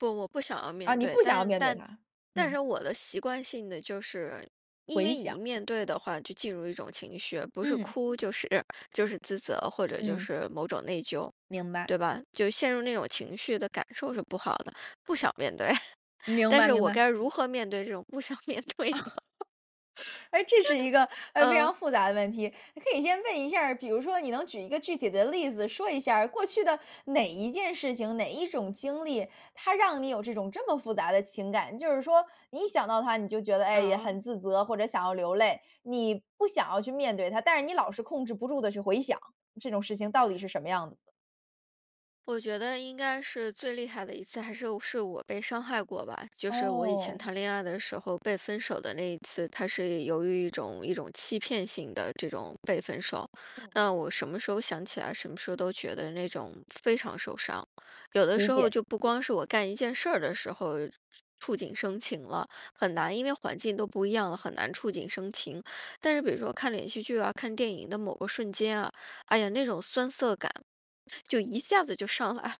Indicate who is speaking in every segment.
Speaker 1: 不，我不想要
Speaker 2: 啊，
Speaker 1: 面
Speaker 2: 你
Speaker 1: 对。
Speaker 2: 不想要
Speaker 1: 但
Speaker 2: 面对
Speaker 1: 但
Speaker 2: 它，
Speaker 1: 但
Speaker 2: 嗯。
Speaker 1: 是我的习惯性地就是因
Speaker 2: 回
Speaker 1: 为
Speaker 2: 想。
Speaker 1: 一面对的话，就进入一种情绪。不是
Speaker 2: 嗯。
Speaker 1: 哭就是就是自责，或 者就
Speaker 2: 嗯。
Speaker 1: 是某种内疚，
Speaker 2: 明白。
Speaker 1: 对吧？就陷入那种情绪的感受是不好的，不想面对。
Speaker 2: 明
Speaker 1: 但
Speaker 2: 白
Speaker 1: 是
Speaker 2: 明
Speaker 1: 我
Speaker 2: 白。
Speaker 1: 该如何面对这种不想面对呢？
Speaker 2: 哎，这是一个，呃，非
Speaker 1: 嗯。
Speaker 2: 常复杂的问题。呃，可以先问一下儿，比如说你能举一个具体的例子说一下儿，过去的哪一件事情、哪一种经历，它让你有这种这么复杂的情感？就是说，你一想到它，你就觉得，哎呀，
Speaker 1: 哦。
Speaker 2: 很自责，或者想要流泪。你不想要去面对它，但是你老是控制不住地去回想，这种事情到底是什么样子的？
Speaker 1: 我觉得应该是最厉害的一次，还是是我被伤害过吧。就是我以前
Speaker 2: 哦。
Speaker 1: 谈恋爱的时候被分手的那一次，它是有一种一种欺骗性的这种被分手。
Speaker 2: 嗯。
Speaker 1: 那我什么时候想起来，什么时候都觉得那种非常受伤。有的时
Speaker 2: 理
Speaker 1: 候
Speaker 2: 解。
Speaker 1: 就不光是我干一件事儿的时候触触触景生情了，很难，因为环境都不一样了，很难触景生情。但是比如说看连续剧啊、看电影的某个瞬间啊，哎呀，那种酸涩感，就一下子就上来，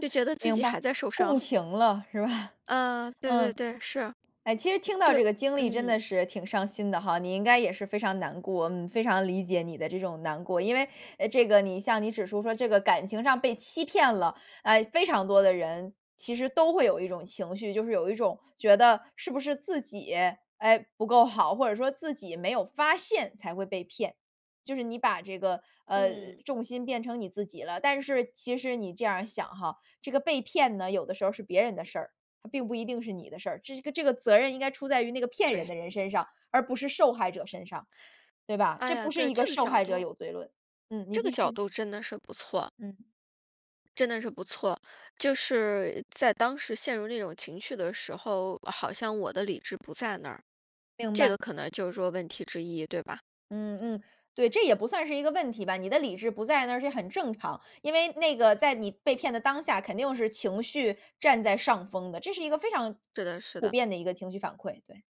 Speaker 1: 就 觉得自
Speaker 2: 明
Speaker 1: 己
Speaker 2: 白。
Speaker 1: 还在受
Speaker 2: 共
Speaker 1: 伤。
Speaker 2: 情了，是吧？
Speaker 1: 嗯，对对
Speaker 2: 嗯。
Speaker 1: 对，是。
Speaker 2: 哎，其实听到
Speaker 1: 对
Speaker 2: 这个经历真
Speaker 1: 嗯。
Speaker 2: 的是挺伤心的哈，你应该也是非常难过，嗯，非常理解你的这种难过。因为，呃，这个你像你指出说这个感情上被欺骗了，呃，非常多的人，其实都会有一种情绪。就是有一种觉得，是不是自己，哎，不够好？或者说自己没有发现才会被骗。就是你把这个，呃，
Speaker 1: 嗯。
Speaker 2: 重心变成你自己了。但是其实你这样儿想哈，这个被骗呢，有的时候儿是别人的事儿，它并不一定是你的事儿。这是个这个责任应该出在于那个骗人
Speaker 1: 对。
Speaker 2: 的人身上，而不是受害者身上，对吧？
Speaker 1: 哎
Speaker 2: 这不
Speaker 1: 呀，
Speaker 2: 是
Speaker 1: 对，
Speaker 2: 一个
Speaker 1: 这个
Speaker 2: 受
Speaker 1: 角
Speaker 2: 害者
Speaker 1: 度
Speaker 2: 有罪论。嗯，你
Speaker 1: 这个
Speaker 2: 继
Speaker 1: 角
Speaker 2: 续。
Speaker 1: 度真的是不错。
Speaker 2: 嗯。
Speaker 1: 真的是不错。就是在当时陷入那种情绪的时候，好像我的理智不在那儿。
Speaker 2: 明
Speaker 1: 这
Speaker 2: 白。
Speaker 1: 个可能就是说问题之一，对吧？
Speaker 2: 嗯嗯，对，这也不算是一个问题吧，你的理智不在那是也很正常。因为那个在你被骗的当下，肯定是情绪占在上风的。这是一个非常
Speaker 1: 是的是
Speaker 2: 普
Speaker 1: 的。
Speaker 2: 遍的一个情绪反馈，对。